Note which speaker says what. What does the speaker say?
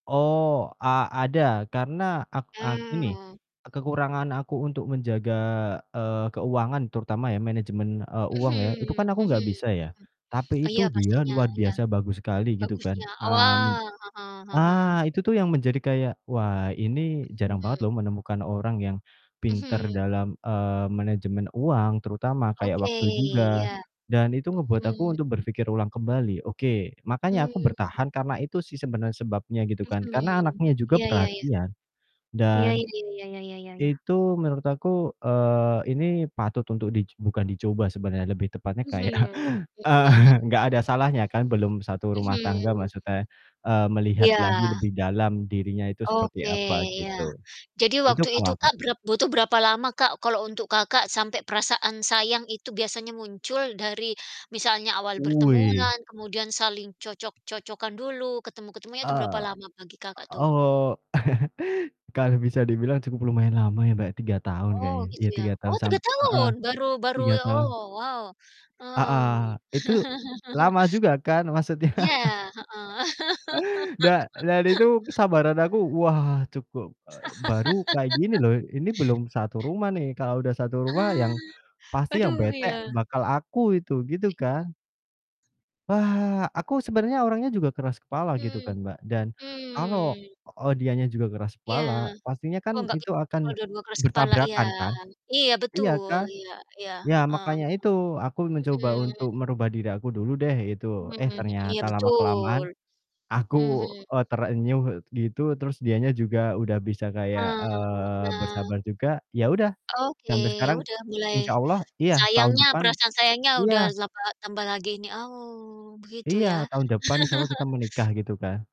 Speaker 1: Oh, a ada karena ak eee, gini,
Speaker 2: Oh.
Speaker 1: eee, kekurangan aku untuk menjaga, eee, keuangan terutama ya manajemen, eee, uang ya, itu
Speaker 2: Mhm,
Speaker 1: kan aku enggak
Speaker 2: mhm.
Speaker 1: bisa ya, tapi
Speaker 2: Iya
Speaker 1: itu dia
Speaker 2: pastinya,
Speaker 1: luar
Speaker 2: iya.
Speaker 1: biasa bagus sekali gitu kan,
Speaker 2: Bagusnya, oh,
Speaker 1: mmm
Speaker 2: wah, heeh heeh.
Speaker 1: ah, itu tuh yang menjadi kayak, "Wah ini jarang banget
Speaker 2: Mhm.
Speaker 1: loh menemukan orang yang pinter
Speaker 2: Mhm.
Speaker 1: dalam, eee, manajemen uang terutama, kayak
Speaker 2: Oke,
Speaker 1: waktu juga."
Speaker 2: iya.
Speaker 1: Dan itu ngebuat
Speaker 2: Mhm
Speaker 1: aku untuk
Speaker 2: mhm.
Speaker 1: berpikir ulang kembali, oke. Makanya aku
Speaker 2: Mmm.
Speaker 1: bertahan karena itu sih sebenarnya sebabnya gitu kan, karena
Speaker 2: Mhm.
Speaker 1: anaknya juga
Speaker 2: Iya iya iya.
Speaker 1: perhatian
Speaker 2: Iya
Speaker 1: dan
Speaker 2: iya iya iya iya iya iya iya.
Speaker 1: itu menurut aku, eee, ini patut untuk dic bukan dicoba sebenarnya, lebih tepatnya
Speaker 2: Mhm,
Speaker 1: kayak
Speaker 2: mhm mhm.
Speaker 1: eee, enggak ada salahnya kan belum satu rumah
Speaker 2: Mhm.
Speaker 1: tangga, maksudnya, eee, melihat lagi
Speaker 2: Iya.
Speaker 1: lebih dalam dirinya itu seperti
Speaker 2: Oke,
Speaker 1: apa
Speaker 2: iya.
Speaker 1: gitu,
Speaker 2: Jadi
Speaker 1: itu
Speaker 2: waktu itu,
Speaker 1: kalau aku.
Speaker 2: Kak, berap butuh berapa lama, Kak kalau untuk Kakak sampai perasaan sayang itu biasanya muncul dari misalnya awal
Speaker 1: Wih.
Speaker 2: bertemuan kemudian saling cocok-cocokan dulu, ketemu-ketemunya itu berapa
Speaker 1: Eee,
Speaker 2: lama bagi Kakak
Speaker 1: o
Speaker 2: tuh?
Speaker 1: oh, kalau bisa dibilang cukup lumayan lama ya, Mbak, 3 tahun
Speaker 2: Oh,
Speaker 1: kayaknya,
Speaker 2: gitu
Speaker 1: ya
Speaker 2: ya.
Speaker 1: 3
Speaker 2: Oh
Speaker 1: tahun
Speaker 2: 3
Speaker 1: samp heeh,
Speaker 2: tahun baru baru
Speaker 1: 3
Speaker 2: ya oh,
Speaker 1: tahun.
Speaker 2: wow. Mmm.
Speaker 1: Heeh, itu lama juga kan, maksudnya.
Speaker 2: Iya, heeh.
Speaker 1: Da dan itu kesabaran aku, wah, cukup eee, baru kayak gini loh, ini belum satu rumah nih, kalau udah satu rumah
Speaker 2: Ah,
Speaker 1: yang pasti yang
Speaker 2: aduh
Speaker 1: bete
Speaker 2: iya.
Speaker 1: bakal aku itu, gitu kan. Wah, aku sebenarnya orangnya juga keras kepala gitu
Speaker 2: Mmm,
Speaker 1: kan, Mbak, dan kalau,
Speaker 2: mmm.
Speaker 1: eee, dianya juga keras
Speaker 2: Iya.
Speaker 1: kepala, pastinya
Speaker 2: Oh,
Speaker 1: kan
Speaker 2: enggak bi
Speaker 1: itu
Speaker 2: kalau
Speaker 1: akan
Speaker 2: dua-dua keras kepala. Iya.
Speaker 1: bertabrakan kan.
Speaker 2: Iya
Speaker 1: Iya
Speaker 2: betul,
Speaker 1: kan?
Speaker 2: iya iya
Speaker 1: Iya
Speaker 2: heeh heeh.
Speaker 1: makanya itu aku mencoba untuk
Speaker 2: Mhm.
Speaker 1: merubah diri aku dulu deh gitu,
Speaker 2: Mmm,
Speaker 1: eh,
Speaker 2: mhm, iya
Speaker 1: ternyata lama-kelamaan
Speaker 2: betul.
Speaker 1: aku,
Speaker 2: Mhm.
Speaker 1: eee, terenyuh gitu, terus dianya juga udah bisa kayak,
Speaker 2: Eee,
Speaker 1: eee,
Speaker 2: nah.
Speaker 1: bersabar juga, ya udah
Speaker 2: Oke.
Speaker 1: sampai
Speaker 2: Ya
Speaker 1: sekarang.
Speaker 2: udah mulai
Speaker 1: Insyaallah iya tahun
Speaker 2: sayangnya,
Speaker 1: depan
Speaker 2: perasaan sayangnya
Speaker 1: iya
Speaker 2: udah zapa tambah lagi ini, oh, begitu
Speaker 1: Iya.
Speaker 2: ya.
Speaker 1: Tahun depan insyaallah kita menikah gitu kan.